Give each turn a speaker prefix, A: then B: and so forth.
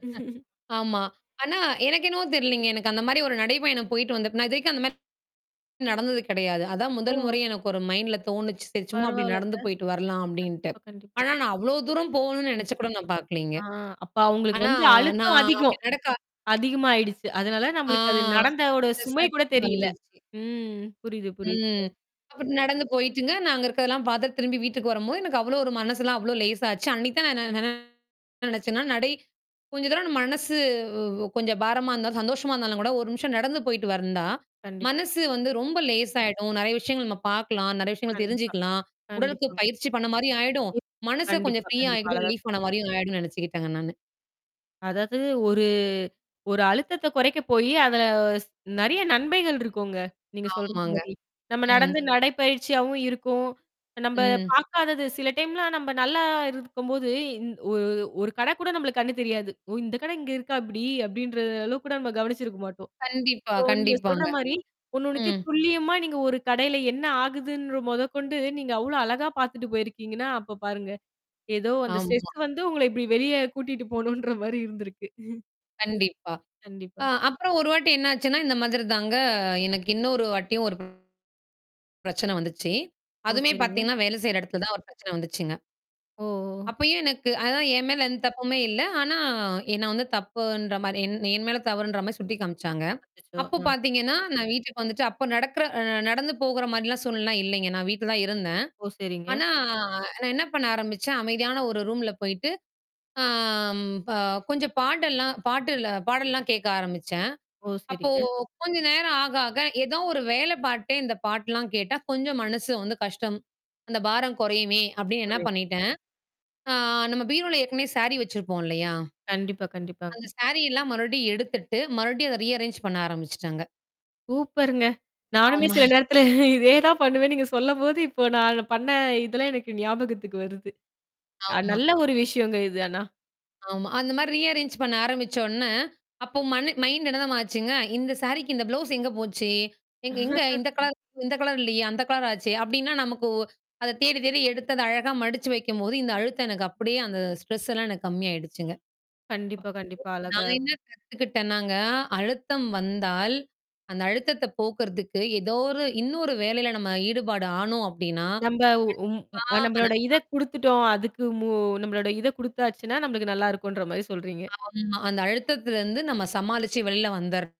A: ஆமா. ஆனா எனக்கு என்வோ தெரிலைங்க எனக்கு அந்த மாரி ஒரு நடைபையனம் போயிட்டு வந்தேப்ப நான் இது வரைக்கும் அந்த மாரி எதுவும் ந டந்தது கெடையாது. அதான் முதல்
B: ஓ!
A: முறை எனக்கு ஒரு மைண்ட்ல தோணுச்சு. சரி சும்மா அப்டி
B: பரவால்லங்க.
A: நடந்து போயிட்டு வரலாம் அப்டின்ட்டு.
B: கண்டிப்பா, கண்டிப்பா.
A: ஆனா, நான் அவ்வளோ தூரம் போகணும்னு நெனச்சு கூட நான் பாக்கலைங்க.
B: ஆ அப்ப அவங்களுக்கு
A: ஆனா
B: வந்து அழுத்தம்
A: நான் அப்டி
B: அதிகம்.
A: நடக்க
B: அதிகமயிடுச்சு. அதனால
A: ஆ.
B: நம்மளுக்கு அது நடந்தோட சுமை
A: [unintelligible]
B: கூட தெரியல
A: வந்துச்சு.
B: ம். புரியுது, புரியுதுங்க.
A: ம். அப்டி நடந்து போயிட்டுங்க. நான் அங்க இருக்கதெல்லாம் பார்த்து திரும்பி வீட்டுக்கு வரம்போது, எனக்கு அவ்வளோ ஒரு மனசுலாம் அவ்ளோ லேசா ஆச்சு. அன்னைக்கு தான் நான் என்ன நன நெனச்சேன்னா நடை கொஞ்ச தரம் நம்ம மனசு கொஞ்சம் பாரமா இருந்தா சந்தோஷமா இருந்தாலும் கூட 1 நிமிஷம் நடந்து போயிட்டு வந்தா,
B: கண்டிப்பா.
A: மனசு வந்து ரொம்ப லேசாயிடும். நெறைய விஷயங்கள் நம்ம பாக்கலாம், நெறைய விஷயங்கள்
B: கண்டிப்பா.
A: தெரிஞ்சுக்கலாம். உடலுக்கு
B: கண்டிப்பா.
A: பயிற்சி பண்ண மாரியும் ஆயிடும். மனச கொஞ்சம்
B: கண்டிப்பா,
A: ஃப்ரீயா
B: கண்டிப்பா.
A: ஆயிக்கிட்டு
B: அழகா
A: ரிலீஃப் ஆண மாரியும் ஆயிடனு நெனச்சுக்கிட்டேங்க நானு.
B: அதாவது ஒரு ஒரு அழுத்தத்த கொறைக்க போயி அத நெறைய நன்மைைகள் இருக்குங்க. நீங்க சொல்ற
A: ஆமாங்க.
B: மாரி, நம்ம
A: ம்.
B: நடந்து நடை பயிற்சியாவும் இருக்கும். நம்ப
A: ம்.
B: பாக்காதது. சில டைம்லாம் நம்ப நல்லா இருக்கும்போது ஒரு ஒரு கட கூட நம்மளுக்கு கண்ணு தெரியாது. ஓ! இந்த கடை இங்க இருக்கா இப்டி. அப்படின்ற அளவுக்கு கூட நம்ம கவனிச்சிருக்க மாட்டோம்.
A: கண்டிப்பா,
B: சோ நீங்க சொல்ற
A: கண்டிப்பாங்க.
B: மாரி
A: ம்.
B: ஒண்ணுனொன்னுதையும் துல்லியமா நீங்க ஒரு கடையில என்ன ஆகுதுன் மொதற்கொண்டு நீங்க அவ்ளோ அழகா பாத்துட்டு போயிருக்கீங்கன்னா, அப்ப பாருங்க. ஏதோ அந்த
A: ஆமா
B: ஸ்ட்ரெஸ் வந்து உங்கள இபடி வெளிய கூட்டிட்டு போணுன்ற மாரி இருந்திருக்கு.
A: கண்டிப்பா. அ
B: கண்டிப்பா.
A: அப்புறம் ஒரு வாட்டி என்னாச்சுன்னா இந்த மாதிரி தாங்க எனக்கு இன்னொரு வாட்டியும் ஒரு பிரச்சன வந்துச்சு.
B: ஓ!
A: அதுவுமே
B: சரிங்க.
A: பாத்தீங்கன்னா, வேலை செய்ற எடத்துல தான் ஒரு பிரச்சன வந்துச்சுங்க.
B: ஓ! ஓ!
A: அப்பயும் எனக்கு அதான் என் மேல எந்த தப்புமே இல்ல. ஆனா நான் வந்து தப்புன்ற மாரி என் என் மேல தவுறுன்ற மாரி சுட்டி காமிச்சாங்க.
B: அச்சச்சோ
A: அப்போ
B: அ.
A: பாத்தீங்கன்னா நான் வீட்டுக்கு வந்துட்டு அப்ப நடக்கற நடந்து போகுற மாரிலாம் சூழ்நிலைல்லாம் இல்லைங்க. நான் வீட்ல தான் இருந்தேன்.
B: ஓ! சரிங்க.
A: ஆனா நான் என்ன பண்ண ஆரம்பிச்சேன். அமைதியான ஒரு ரூம்ல போயிட்டு ஆ அ கொஞ்சம் பாடல்லாம் பாட்டுல பாடல்லாம் கேட்க ஆரம்பிச்சேன்.
B: ஓ!
A: அப்போ
B: சரிங்க.
A: கொஞ்ச நேரம் ஆக ஆக ஏதோ ஒரு வேலை பாத்துடே இந்த பாட்டுலாம் கேட்டா கொஞ்சம் மனசு வந்து கஷ்டம். அந்த பாரம் குறையுமே! அப்டின்னு என்ன
B: புரியுதுங்க.
A: பண்ணிட்டேன் ஆ நம்ம பீரோல ஏற்கனவே சாரீ வச்சிருப்போம் இல்லையா?
B: கண்டிப்பா,
A: அந்த
B: கண்டிப்பாங்க.
A: சாரி எல்லாம் மறுபடியும் எடுத்துட்டு, மறுபடியும் அத ரீ அரேஞ்ச் பண்ண ஆரம்பிச்சுட்டாங்க.
B: சூப்பருங்க. நானுமே
A: ஆமா
B: சில நேரத்தல இதே தான் பண்ணுவேன்னு நீங்க சொல்லம்போது, இப்போ நான் பண்ண இதெல்லாம் எனக்கு ஞாபகத்துக்கு வருது. அ
A: ஆமா.
B: நல்ல ஒரு விஷயங்க இது ஆனா.
A: ஆமா. அந்த மாரி ரீ அரேஞ்ச் பண்ண ஆரம்பிச்ச உடனே. அப்போ மண் மைண்ட் என்ன தெரியுமா ஆச்சுங்க. இந்த சாரிக்கு இந்த ப்ளவுஸ் எங்க போச்சு? எங் எங்க இந்த கலர் இந்த கலர் இல்லயே? அந்த கலர் ஆச்சே? அப்படின்னா நமக்கு அத தேடி தேடி எடுத்து அத அழகா மடிச்சு வைக்கும்போது இந்த அழுத்தம் எனக்கு அப்படியே அந்த ஸ்ட்ரெஸ் எல்லாம் எனக்கு கம்மாயிடுச்சுங்க.
B: கண்டிப்பா, கண்டிப்பா அழகா
A: நான் என்ன கத்துக்கிட்டேனாங்க அழுத்தம் வந்தால். அந்த அழுத்தத்த போக்குறதுக்கு ஏதோ ஒரு இன்னொரு வேலையில நம்ம ஈடுபாடு ஆணோம் அப்டின்னா
B: நம்ப உம்
A: கண்டிப்பா
B: நம்மளோட இத
A: [unintelligible]
B: குடுத்துட்டோம், அதுக்கு மு நம்மளோட இத குடுத்தாச்சுன்னா, நம்மளுக்கு நல்லா இருக்குன்ற மாரி சொல்றீங்க.
A: ஆமா அந்த அழுத்தத்திலருந்து நம்ம சமாளிச்சு வெளில வந்துர்லாம்.